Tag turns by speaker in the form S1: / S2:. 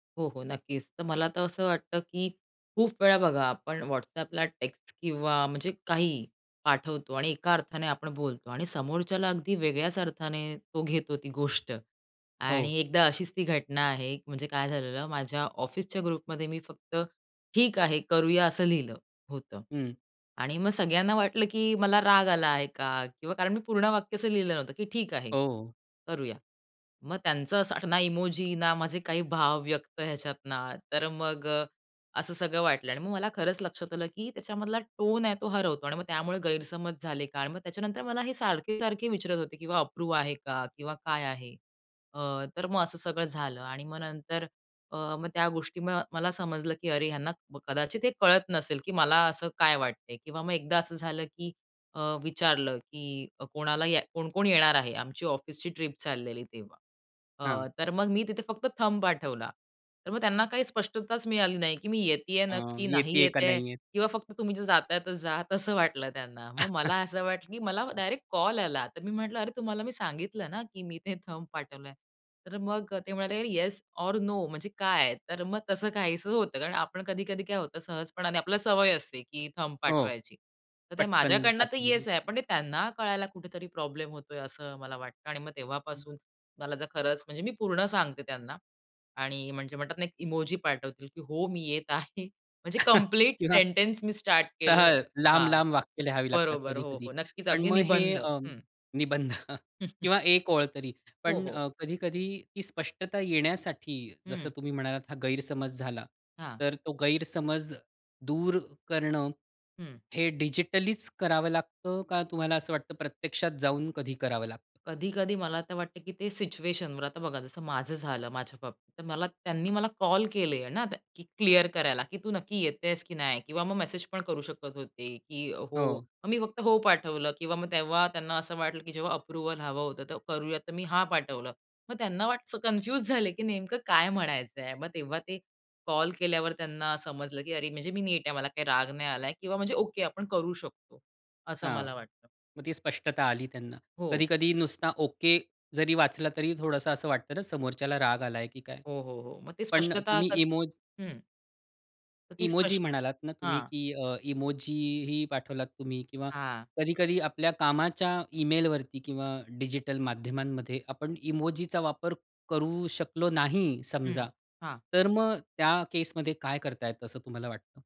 S1: हो, हो, नक्कीच. तर मला तर असं वाटतं, की खूप वेळा बघा आपण WhatsAppला टेक्स्ट किंवा म्हणजे काही पाठवतो आणि एका अर्थाने आपण बोलतो आणि समोरच्याला अगदी वेगळ्याच अर्थाने तो घेतो ती गोष्ट. आणि
S2: हो.
S1: एकदा अशीच ती घटना आहे. म्हणजे काय झालेलं, माझ्या ऑफिसच्या ग्रुपमध्ये मी फक्त ठीक आहे, करूया, असं लिहिलं होतं.
S2: हं.
S1: आणि मग सगळ्यांना वाटलं, की मला राग आला आहे का? किंवा कारण मी पूर्ण वाक्य असं लिहिलं नव्हतं, की ठीक आहे,
S2: हो.
S1: करूया. मग त्यांचं असं ना इमोजी, ना माझे काही भाव व्यक्त ह्याच्यात ना, तर मग असं सगळं वाटलं. आणि मग मला खरंच लक्षात आलं, की त्याच्यामधला टोन आहे तो हरवतो आणि मग त्यामुळे गैरसमज झाले का? आणि मग त्याच्यानंतर मला हे सारखे-सारखे विचारत होते, की अप्रूव्ह आहे का? किंवा काय आहे? अ, तर मग असं सगळं झालं. आणि मग नंतर अ, मग त्या गोष्टी मला समजलं, की अरे ह्यांना कदाचित हे कळत नसेल, की मला असं काय वाटतंय. किंवा मग एकदा असं झालं, की अ, विचारलं, की कोणाला या कोण-कोण येणार आहे? आमची ऑफिसची ट्रिप चाललेली तेव्हा.
S2: हां.
S1: अ, तर मग मी तिथे फक्त थंब पाठवला. तर मग त्यांना काही स्पष्टताच मिळाली नाही, की मी येतीये
S2: अं,
S1: नक्की?
S2: येते
S1: नाही
S2: आहे का
S1: येतेय?
S2: नाही येत?
S1: किंवा फक्त "तुम्ही जर जाताय तर जा." असं वाटलं त्यांना. मग मला असं वाटलं, की मला डायरेक्ट कॉल आला. तर मी म्हटलं, "अरे तुम्हाला मी सांगितलं ना, की मी ते थंब पाठवलंय." तर मग ते म्हणाले, "येस ओर नो म्हणजे काय?" तर मग तसं काहीच होतं. कारण आपण कधी-कधी काय होतं, सहजपणाने आपल्याला सवय असते, की थंब
S2: हो.
S1: पाठवायची. तर ते
S2: पटकन
S1: माझ्याकडनं तर
S2: आठवनीने.
S1: येस आहे, पण ते त्यांना कळायला कुठेतरी प्रॉब्लेम होतोय असं मला वाटलं. आणि मग
S2: हं.
S1: तेव्हापासून मला जर खरंच म्हणजे मी पूर्ण सांगते त्यांना. आणि म्हणजे म्हणतात ना, एक इमोजी पाठवते, की हो मी येत आहे. म्हणजे कंप्लीट
S2: किंवा
S1: सेंटन्स मी स्टार्ट केलं.
S2: तर
S1: हां.
S2: लांब-लांब वाक्य लिहावी लागतात
S1: बरोबर. हो,
S2: कधी-कधी.
S1: हो. नक्कीच
S2: पण
S1: अगदी
S2: मग हे
S1: निबंध.
S2: अ,
S1: हं.
S2: निबंध किंवा 1 ओळ तरी
S1: हो,
S2: पण
S1: हो.
S2: अ, कधी-कधी ती स्पष्टता येण्यासाठी जसं
S1: हं.
S2: तुम्ही म्हणालात हा गैरसमज झाला.
S1: हां.
S2: तर तो गैरसमज दूर करणं
S1: हं.
S2: हे डिजिटलीच करावं लागतं का? तुम्हाला असं वाटतं प्रत्यक्षात जाऊन कधी करावं लागतं?
S1: कधी-कधी मला आता वाटतं, की ते सिच्युएशनवर. आता बघा जसं माझं झालं माझ्या बाबतीत, तर मला त्यांनी मला कॉल केले ना, की क्लिअर करायला, की तू नक्की येतेस की नाही? किंवा मग मेसेज पण करू शकत होते, की हो.
S2: हो.
S1: मग मी फक्त हो पाठवलं किंवा मग तेव्हा त्यांना असं वाटलं, की जेव्हा अप्रूव्हल हवं होतं, तर करूया तर मी हा पाठवलं. मग त्यांना वाटतं कन्फ्यूज झाले, की नेमकं काय म्हणायचंय. मग तेव्हा ते कॉल केल्यावर त्यांना समजलं, की अरे म्हणजे मी नीट आहे मला काही राग नाही आलाय किंवा म्हणजे ओके आपण करू शकतो. असं
S2: हां.
S1: मला वाटतं.
S2: मग ती स्पष्टता आली त्यांना.
S1: हो.
S2: कधी-कधी नुसता ओके जरी वाचला तरी थोडंसं असं वाटतं ना, समोरच्याला राग आलाय की काय?
S1: हो, हो, हो. मग ते
S2: पण
S1: स्पष्टता
S2: तुम्ही इमो
S1: हं. तर ती
S2: इमोजी
S1: स्पष्ट
S2: म्हणालात ना तुम्ही?
S1: हां.
S2: की अ, इमोजीही पाठवलात तुम्ही किंवा
S1: हां.
S2: कधी-कधी आपल्या कामाच्या ईमेलवरती किंवा डिजिटल माध्यमांमध्ये आपण इमोजीचा वापर करू शकलो नाही
S1: हं,
S2: समजा.
S1: हां.
S2: तर मग त्या केसमध्ये काय करता येत असं तुम्हाला वाटतं?